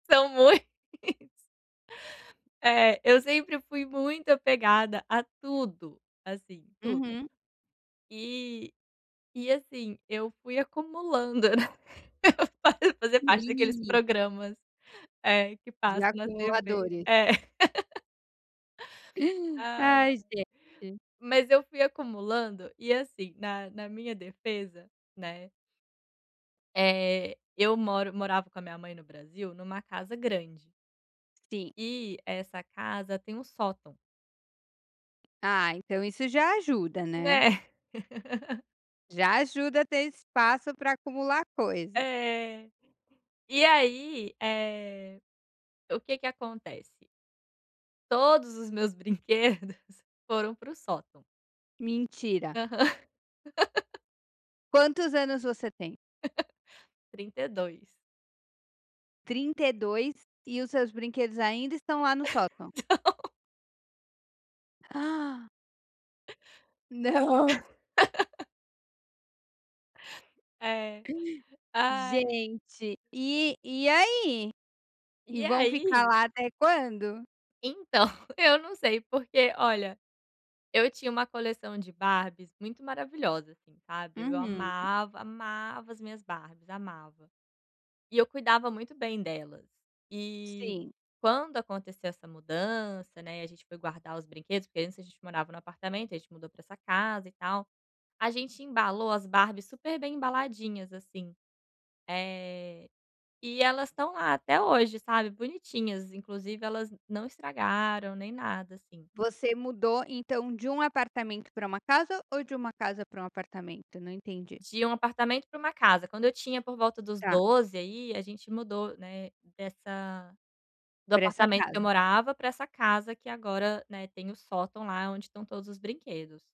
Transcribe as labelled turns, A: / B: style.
A: São mui [unintelligible] É, eu sempre fui muito apegada a tudo assim, tudo.
B: Uhum.
A: Eh, e assim, eu fui acumulando, né, eu fa fazia parte daqueles
B: E
A: programas, é que
B: de
A: passa na TV,
B: acumuladores.
A: é. Ai, ai.
B: Ai, gente.
A: Mas eu fui acumulando, e, assim, na na minha defesa, né eh, eu moro morava com a minha mãe no Brasil numa casa grande
B: Sim.
A: e essa casa tem um sótão.
B: Ah, então isso já ajuda, né.
A: Né?
B: Já ajuda a ter espaço para acumular coisa.
A: É. E aí, eh, o que que acontece? Todos os meus brinquedos foram para o sótão.
B: Mentira.
A: Aham.
B: Quantos anos você tem?
A: 32.
B: 32 e os seus brinquedos ainda estão lá no sótão?
A: Não.
B: Não.
A: É. Ai.
B: Gente e e aí? E
A: E
B: vão ficar
A: aí
B: lá até quando?
A: então eu não sei porque, olha, eu tinha uma coleção de Barbies muito maravilhosa assim, sabe. Eu
B: Uhum.
A: amava, amava as minhas Barbies, amava. E eu cuidava muito bem delas. E
B: Sim.
A: quando aconteceu essa mudança, né, e a gente foi guardar os brinquedos, porque antes a gente morava num apartamento, e a gente mudou para essa casa e tal, a gente embalou as Barbies super bem embaladinhas assim. Eh, e elas estão lá até hoje, sabe, bonitinhas, inclusive elas não estragaram nem nada assim.
B: Você mudou então de um apartamento para uma casa, ou de uma casa para um apartamento? Não entendi.
A: De um apartamento para uma casa, quando eu tinha por volta dos
B: Tá.
A: 12, aí a gente mudou, né, dessa do
B: Pra essa
A: apartamento que
B: casa.
A: eu morava para essa casa que agora, né, tem o sótão lá onde estão todos os brinquedos.